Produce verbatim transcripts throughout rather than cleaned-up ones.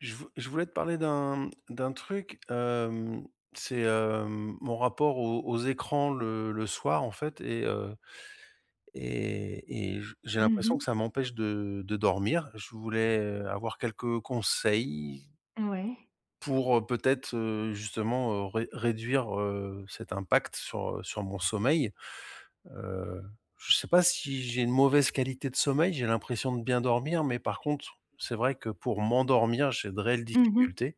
Je v je voulais te parler d'un d'un truc, hem, c'est, hem, mon rapport aux aux écrans le le soir, en fait et heu et et j j'ai Mmh l'impression que mh. ça m'empêche de de dormir, je voulais avoir quelques conseils Mouais. pour peut-être, heu, justement, ré réduire, heu, cet impact sur, heu, sur mon sommeil. Heu, je sais pas si j'ai une mauvaise qualité de sommeil, j'ai l'impression de bien dormir mais par contre, c'est vrai que pour m'endormir, j'ai de réelles Mmh mh. difficultés.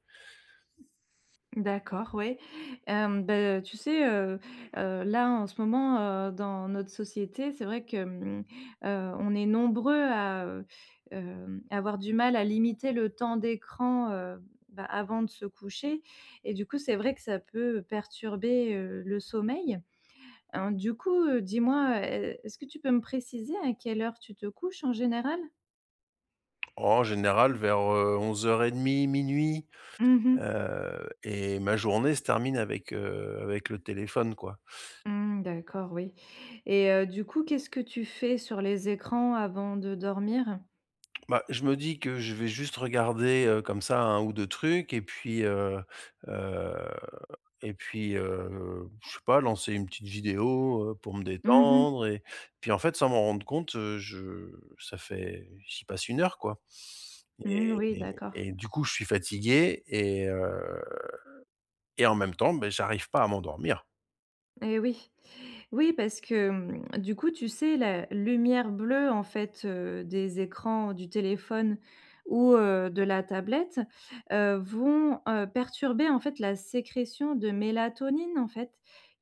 D'accord, ouais, hem, bah, heu, tu sais, heu heu, là, en ce moment, heu, dans notre société, c'est vrai que, mmh, heu, on est nombreux à, heu, hem, à avoir du mal à limiter le temps d'écran, heu, bah, avant de se coucher et du coup, c'est vrai que ça peut perturber, heu, le sommeil, hein, du coup, heu, dis-moi, heu, est est-ce que tu peux me préciser à quelle heure tu te couches en général? Oh! En général vers, heu, onze heures et demie-minuit, Mmh mh. heu et ma journée se termine avec, heu, avec le téléphone, quoi. Mmh, d'accord, oui et heu, du coup, qu'est-ce que tu fais sur les écrans avant de dormir? Bah, je me dis que je vais juste regarder, heu, comme ça, un ou deux trucs et puis, heu heu et puis, heu, je sais pas lancer une petite vidéo, heu, pour me Mmh mh. détendre et puis, en fait, sans m'en rendre compte, heu, je ça fait j'y passe une heure, quoi Mmh mh, et oui, et d'accord. et du coup, je suis fatigué et heu et en même temps, beh, j'arrive pas à m'endormir! Eh oui, oui parce que, hem, du coup, tu sais, la lumière bleue, en fait, heu, des écrans du téléphone ou, heu, de la tablette, heu, vont, heu, perturber, en fait, la sécrétion de mélatonine, en fait,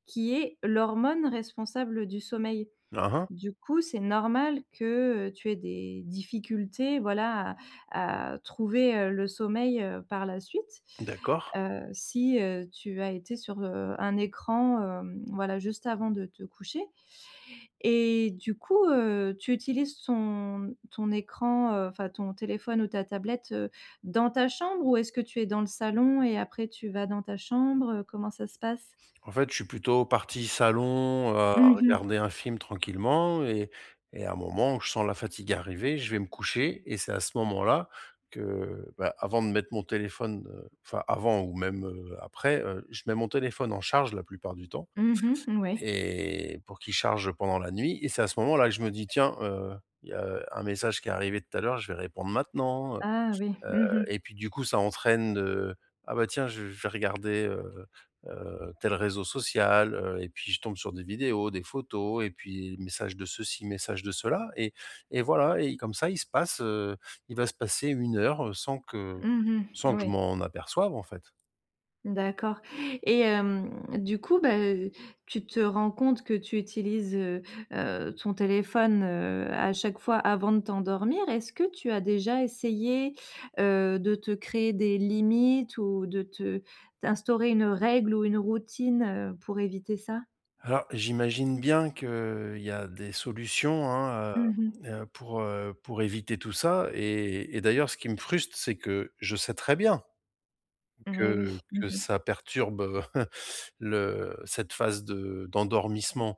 qui est l'hormone responsable du sommeil. Hein, hein. Du coup, c'est normal que, heu, tu aies des difficultés, voilà, à à trouver, heu, le sommeil, heu, par la suite. D'accord. Heu, si, heu, tu as été sur, heu, un écran, hem, voilà, juste avant de te coucher et du coup, heu, tu utilises ton ton écran, heu, enfin ton téléphone ou ta tablette, heu, dans ta chambre ou est-ce que tu es dans le salon et après tu vas dans ta chambre, heu, comment ça se passe? En fait, je suis plutôt parti salon, heu, à Mmh mh. regarder un film tranquillement et et à un moment où je sens la fatigue arriver, je vais me coucher et c'est à ce moment-là que, bah, avant de mettre mon téléphone, heu, enfin, avant ou même, heu, après, heu, je mets mon téléphone en charge la plupart du temps Mmh mh, mmh, ouais. et pour qu'il charge pendant la nuit et c'est à ce moment-là que je me dis: «Tiens, heu, il y a un message qui est arrivé, tout à l'heure, je vais répondre maintenant», heu Ah oui. heu Mmh mh. et puis du coup, ça entraîne, heu, «Ah, bah, tiens, je je vais regarder, heu heu, tel réseau social», heu et puis je tombe sur des vidéos, des photos et puis message de ceci, message de cela et et voilà et comme ça, il se passe, heu, il va se passer une heure sans que Mmh mh. sans que je Oui. m'en aperçoive, en fait. D'accord et hem, du coup, bah, heu, tu te rends compte que tu utilises, heu heu, ton téléphone, heu, à chaque fois avant de t'endormir. Est-ce que tu as déjà essayé, heu, de te créer des limites ou de te d'instaurer une règle ou une routine, heu, pour éviter ça? Alors j'imagine bien qu'il y a des solutions hein, Mmh mh. heu heu, pour, heu, pour éviter tout ça et et d'ailleurs ce qui me frustre, c'est que je sais très bien Et oui. que Mmh que mh. ça perturbe, heu, le cette phase de d'endormissement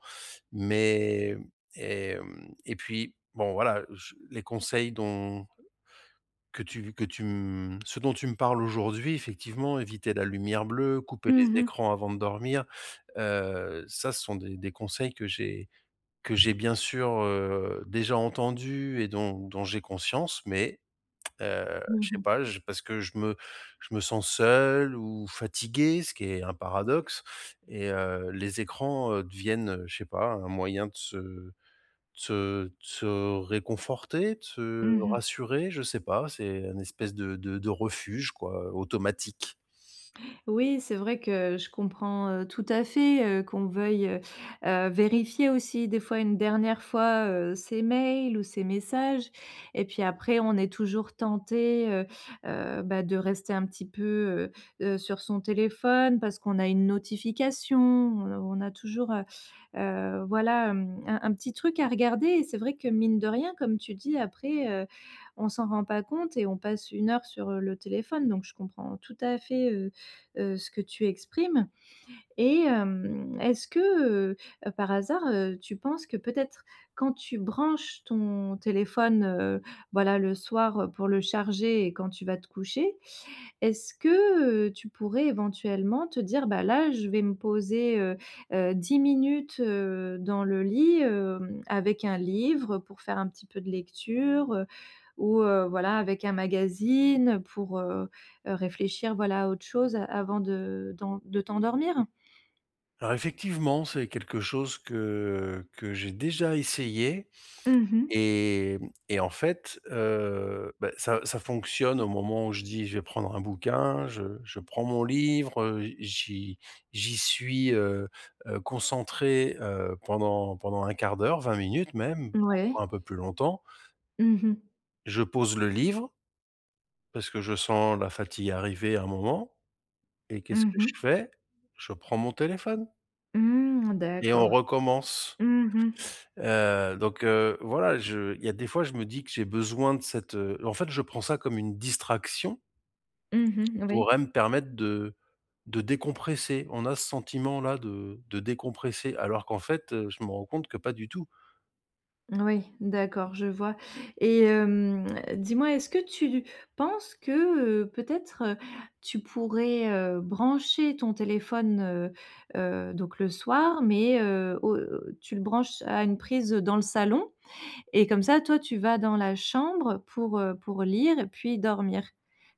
mais mmh et mmh et puis bon voilà je les conseils dont que tu v que tu, mmh, ce dont tu me parles aujourd'hui effectivement éviter la lumière bleue, couper Mmh les mh. écrans avant de dormir, heu, ça ce sont des des conseils que j'ai que j'ai bien sûr, heu, déjà entendu et dont dont j'ai conscience mais heu, Mmh je sais mh. pas, je parce que je me je me sens seul ou fatigué. Ce qui est un paradoxe et heu, les écrans, heu, deviennent, heu, je sais pas un moyen de se de se de se réconforter, de se Mmh mh. rassurer je sais pas. C'est un espèce de de de refuge quoi, automatique. Oui, c'est vrai que je comprends, heu, tout à fait, heu, qu'on veuille, heu heu, vérifier aussi des fois une dernière fois, heu, ses mails ou ses messages et puis après on est toujours tenté, heu heu, bah de rester un petit peu, heu heu, sur son téléphone parce qu'on a une notification. On on a toujours, heu heu, voilà, hem, un un petit truc à regarder et c'est vrai que mine de rien comme tu dis: «Après, heu, on s'en rend pas compte et on passe une heure sur le téléphone» donc je comprends tout à fait, heu heu, ce que tu exprimes et hem, est-ce que, heu heu, par hasard, heu, tu penses que peut-être quand tu branches ton téléphone, heu, voilà le soir, heu, pour le charger et quand tu vas te coucher est-ce que, heu, tu pourrais éventuellement te dire: «Bah là je vais me poser, heu heu, dix minutes, heu, dans le lit, hem, avec un livre»? Heu, pour faire un petit peu de lecture, heu, ou heu, voilà avec un magazine pour, heu heu, réfléchir voilà à autre chose avant de dans de t'endormir. Alors effectivement, c'est quelque chose que, heu, que j'ai déjà essayé Mmh mh. et mmh, et en fait, heu, bah, ça ça fonctionne au moment où je dis: «Je vais prendre un bouquin». Je je prends mon livre, heu, j'y j'y suis, heu, heu, concentré, heu, pendant pendant un quart d'heure, vingt minutes même parfois Mouais. un peu plus longtemps. Mmh mh. Je pose le livre parce que je sens la fatigue arriver à un moment et qu'est-ce Mmh que je mh. fais? Je prends mon téléphone. Mmh, Et on d'accord. recommence! Mmh mh. Heu, donc heu, voilà, je il y a des fois je me dis que j'ai besoin de cette, heu en fait, je prends ça comme une distraction Mmh mh, oui. pourrait me permettre de de décompresser. On a ce sentiment là de de décompresser alors qu'en fait, heu, je m'en rends compte que pas du tout! Oui, d'accord, je vois et hem, dis-moi, est-ce que tu lu penses que, heu, peut-être, heu, tu pourrais, heu, brancher ton téléphone, heu, heu, donc le soir mais heu, au tu le branches à une prise dans le salon? Et comme ça, toi, tu vas dans la chambre pour, heu, pour lire et puis dormir.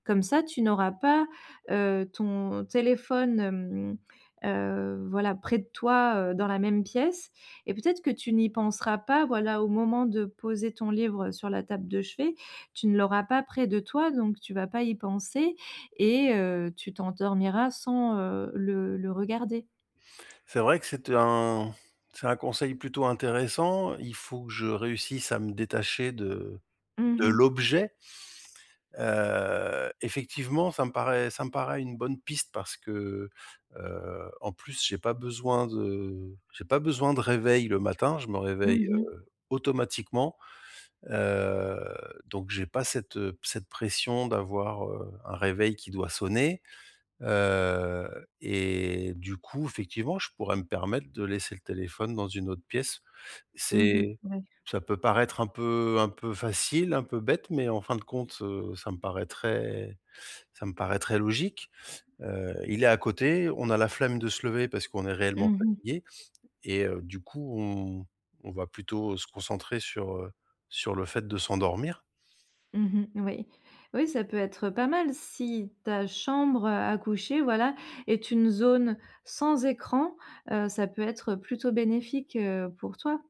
Comme ça tu n'auras pas, heu, ton téléphone, hem, heu, voilà, près de toi, heu, dans la même pièce et peut-être que tu n'y penseras pas. Voilà, au moment de poser ton livre sur la table de chevet. Tu ne l'auras pas près de toi donc tu vas pas y penser et heu, tu t'endormiras sans, heu, le le regarder. C'est vrai que c'est un c'est un conseil plutôt intéressant, il faut que je réussisse à me détacher de Mmh de mh. l'objet. Heu, effectivement ça me paraît ça me paraît une bonne piste parce que, heu, en plus j'ai pas besoin de j'ai pas besoin de réveil le matin. Je me réveille, Mmh mh. heu, automatiquement, heu, donc j'ai pas cette, heu, cette pression d'avoir, heu, un réveil qui doit sonner. Heu, et du coup effectivement, je pourrais me permettre de laisser le téléphone dans une autre pièce. Mmh mh, C'est oui. ça peut paraître un peu un peu facile, un peu bête, mais en fin de compte, heu, ça me paraîtrait ça me paraîtrait logique. Heu, il est à côté, on a la flemme de se lever parce qu'on est réellement Mmh mh. fatigué et heu, du coup, on on va plutôt se concentrer sur, heu, sur le fait de s'endormir. Mmh mh, oui. Oui, ça peut être pas mal si ta chambre à à coucher, voilà, est une zone sans écran, heu, ça peut être plutôt bénéfique, heu, pour toi.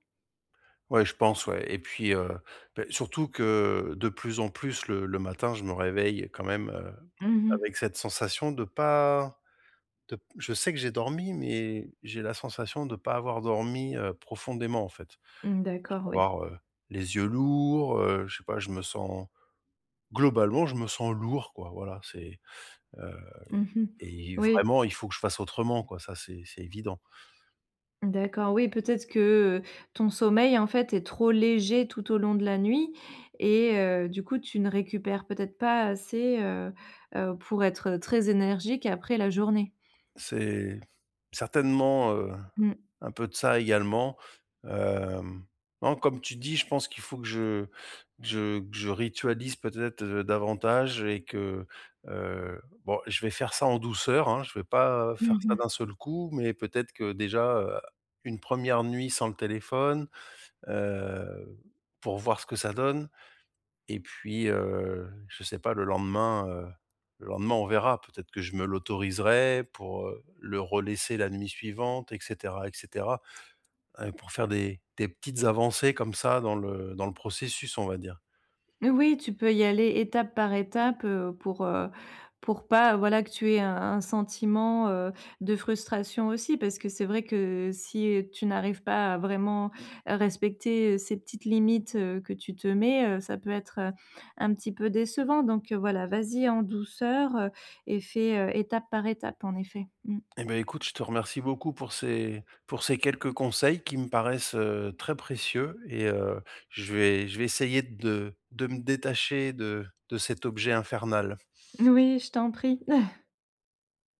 Ouais, je pense, ouais et puis, heu, beh, surtout que de plus en plus, le le matin, je me réveille quand même, heu, Mmh mh. avec cette sensation de pas de p je sais que j'ai dormi mais j'ai la sensation de pas avoir dormi, heu, profondément, en fait. Mmh, Je d'accord, vais ouais. avoir, heu, les yeux lourds, heu, je sais pas, je me sens globalement, je me sens lourd, quoi, voilà. C'est heu Mmh mh. et Oui. vraiment, il faut que je fasse autrement, quoi, ça c'est c'est évident. D'accord, oui, peut-être que, heu, ton sommeil, en fait, est trop léger tout au long de la nuit et heu, du coup, tu ne récupères peut-être pas assez, heu, heu, pour être très énergique après, la journée. C'est certainement, heu, Mmh. un peu de ça, également. Hem, non, comme tu dis, je pense qu'il faut que je que je que je ritualise peut-être, heu, davantage et que, heu, bon, je vais faire ça en douceur, hein, je vais pas Mmh faire ça d'un mh. seul coup mais peut-être que déjà, heu, une première nuit sans le téléphone, heu, pour voir ce que ça donne et puis, heu, je sais pas, le lendemain, heu, le lendemain, on verra. Peut-être que je me l'autoriserai pour, heu, le relaisser la nuit suivante et cetera et cetera. Pour faire des des petites avancées comme ça dans le dans le processus, on va dire. Oui, tu peux y aller étape par étape, heu, pour, heu, pour pas, voilà, que tu aies un un sentiment, heu, de frustration aussi parce que c'est vrai que si tu n'arrives pas à vraiment à respecter ces petites limites, heu, que tu te mets, heu, ça peut être, heu, un petit peu décevant donc voilà. Vas-y en douceur et fais, heu, étape par étape, en effet. Mmh. Eh beh, écoute, je te remercie beaucoup pour ces pour ces quelques conseils qui me paraissent, heu, très précieux et heu, je vais je vais essayer de de me détacher de de cet objet infernal. N oui, je t'en prie.